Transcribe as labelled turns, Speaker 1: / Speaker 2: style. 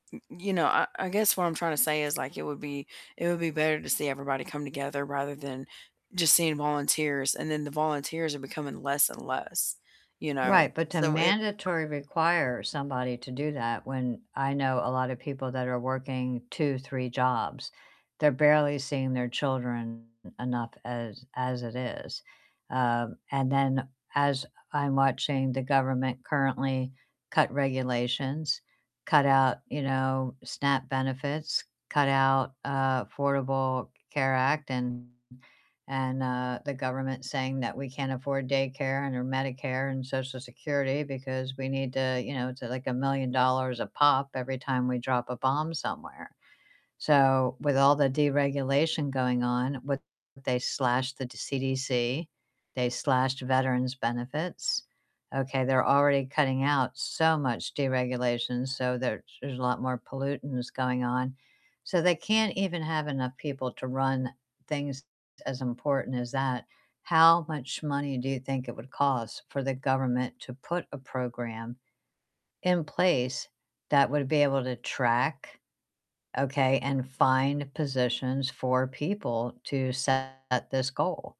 Speaker 1: Y You know, I I guess what I'm trying to say is like it would be it would be better to see everybody come together rather than just seeing volunteers and then the volunteers are becoming less and less, you know?
Speaker 2: Right, but to
Speaker 1: So, it
Speaker 2: mandatory require somebody to do that when I know a lot of people that are working 2, 3 jobs, they're barely seeing their children enough as as it is. Um, and then as I'm watching the government currently cut regulations, cut out, you know, SNAP benefits, cut out, uh, Affordable Care Act and and, uh, the government saying that we can't afford daycare and or Medicare and Social Security because we need to, you know, it's like a million dollars a pop every time we drop a bomb somewhere. So, with all the deregulation going on, with they slashed the CDC, they slashed veterans benefits. Okay, they're already cutting out so much deregulation, so there there's a lot more pollutants going on. So, they can't even have enough people to run things as important as that. How much money do you think it would cost for the government to put a program in place that would be able to track, okay, and find positions for people to set this goal?